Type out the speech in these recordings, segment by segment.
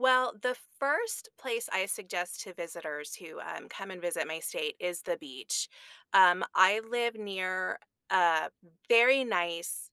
Well, the first place I suggest to visitors who, um, come and visit my state is the beach. Um, I live near a very nice,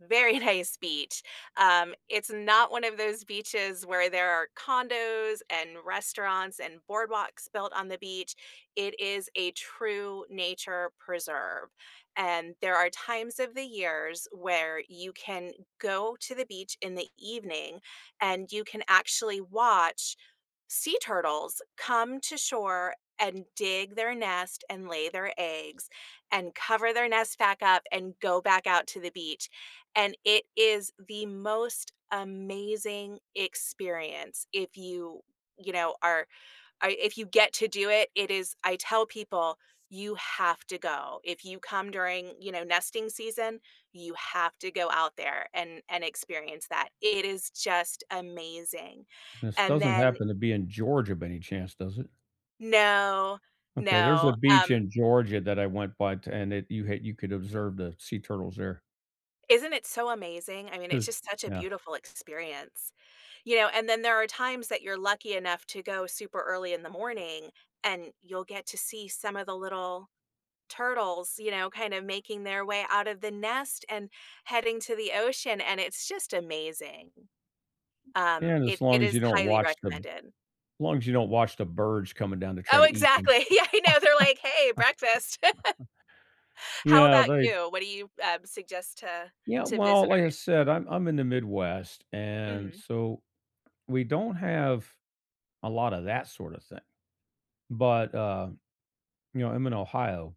very nice beach. Um, it's not one of those beaches where there are condos and restaurants and boardwalks built on the beach. It is a true nature preserve, and there are times of the years where you can go to the beach in the evening and you can actually watch sea turtles come to shore and dig their nest and lay their eggs and cover their nest back up and go back out to the beach, and it is the most amazing experience if you you know, are are if you get to do it, it is I tell people, you have to go. If you come during, you know, nesting season, you have to go out there and and experience that. It is just amazing. This And doesn't then happen to be in Georgia by any chance, does it? No, Okay, there's a no, beach um in Georgia that I went by to and it you had you could observe the sea turtles there. Isn't it so amazing? I mean, it's There's just such a yeah. beautiful experience. You know, and then there are times that you're lucky enough to go super early in the morning, and you'll get to see some of the little turtles, you know, kind of making their way out of the nest and heading to the ocean, and it's just amazing. Um, Yeah, and as it it long as is you don't highly watch the recommended. long as you don't watch the birds coming down to try Oh, to eat them. exactly. Yeah, I know, they're like, "Hey, breakfast." How Yeah, about they you? What do you, um, suggest to Yeah, to well, like I visitors? said, I'm I'm in the Midwest, and Mhm. so we don't have a lotta that sort of thing. But, uh, you know, I'm in Ohio.